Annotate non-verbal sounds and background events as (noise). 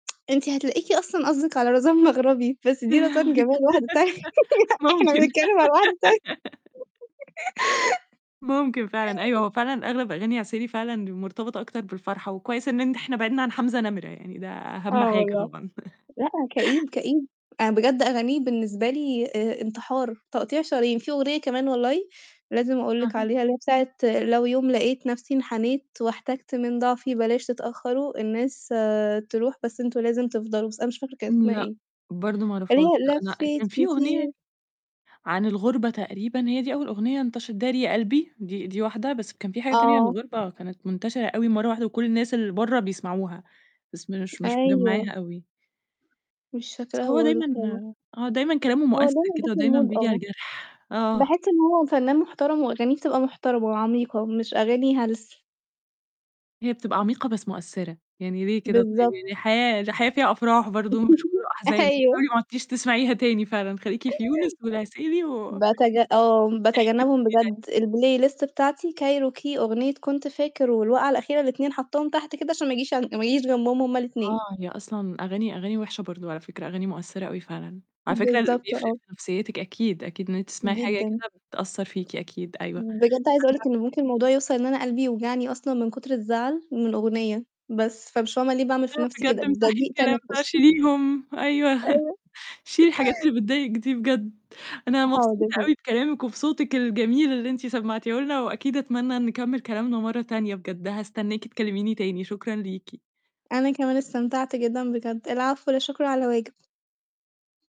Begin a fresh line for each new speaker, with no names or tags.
(tsk) أنتِ هتلاقيكِ أصلًا قصدِك على رزان مغربي، بس دي رزان
(laughs)
جمال واحدة تانية. إحنا
ممكن.
بنتكلم على وحدة تانية.
(laughs)
(laughs)
ممكن فعلًا، أيوه
(chuckles)
هو فعلًا أغلب أغاني عسيلي فعلًا مرتبطة أكتر بالفرحة، وكويس إن إحنا بعدنا عن حمزة نمرة، يعني ده أهم
آه
حاجة
والله،
طبعًا. (chuckles)
لأ، كئيب، كئيب أنا بجد أغانيه بالنسبة لي آآ، انتحار، تقطيع شرايين، في أغنية كمان والله لازم أقول لِك
أها.
عليها، اللي هي بتاعة "لو يوم لقيت نفسي انحنيت واحتجت من ضعفي بلاش تتأخروا الناس آآ، تروح بس أنتم لازم تفضلوا" بس أنا مش فاكرة كانت أسمها
لأ،
إيه.
برضه ما
اللي
اعرفهاش لأ.
هي
أنا
لفيت
كان في أغنية
كتير.
عن الغُربة تقريبًا هي دي أول أغنية انتشرت، داري يا قلبي، دي دي واحدة بس كان في حاجة تانية عن
آه.
الغُربة كانت منتشرة أوي مرّة واحدة وكل الناس اللي برّه بيسمعوها، بس مش مش مجمعاها
أيوه.
أوي.
مش
بس
فاكراها
هو
برضو.
دايمًا
(unintelligible)
آآ، آه، دايمًا كلامه
هو
مؤثر كده و دايمًا
ديمًا (unintelligible)
بييجي على
آه.
الجرح. آه.
باحس إن هو فنان محترم وأغانيه بتبقى محترمة وعميقة، مش أغاني هلس.
هي بتبقى عميقة بس مؤثرة، يعني ليه كده طيب؟
بالضبط.
يعني الحياة الحياة فيها أفراح برضه مش كله
(laughs)
أحزان،
أيوه.
حاولي معُدتيش تسمعيها تاني، فعلًا خليكِ في يونس والعسيلي و
باتج آه، باتجنبهم
(unintelligible)
بجد، الplay list بتاعتي، كايروكي، أغنية كنت فاكر، والوقعة الأخيرة، الاتنين حاطاهم تحت كده، عشان ما آجيش عن ما آجيش جنبهم هُم الاتنين.
آه، هي أصلًا أغاني أغاني وحشة برضه على فكرة، أغاني مؤثرة أوي فعلًا. على فكرة
بالضبط
بيفرق
آه.
في نفسيتِك أكيد، أكيد، إنك تسمعي حاجة
جدًا.
كده بتأثر فيكِ أكيد أيوه. أنا
بجد عايزة أقول لِك إنه ممكن الموضوع يوصل إن أنا قلبي يوجعني أصلًا من كتر الزعل من أغنية بس، فمش فاهمة ليه باعمل في
أيوه
نفسي
بجد
كده؟ ده
أمسحي
ضيق
الكلام بقى،
تنفُس.
شيليهم، أيوه. (chuckles)
أيوه.
شيلي الحاجات
(laughs)
اللي بتضايقِك دي بجد. أنا مبسوطة
حاضر.
أوي بكلامِك وبصوتِك الجميل اللي أنتِ سمعتيه لنا، وأكيد أتمنى إن نكمل كلامنا مرّة تانية بجد هاستناكِ تكلميني تاني. شكرًا ليكِ.
أنا كمان استمتعت جدًا بجد. العفو، لا شكر على واجب.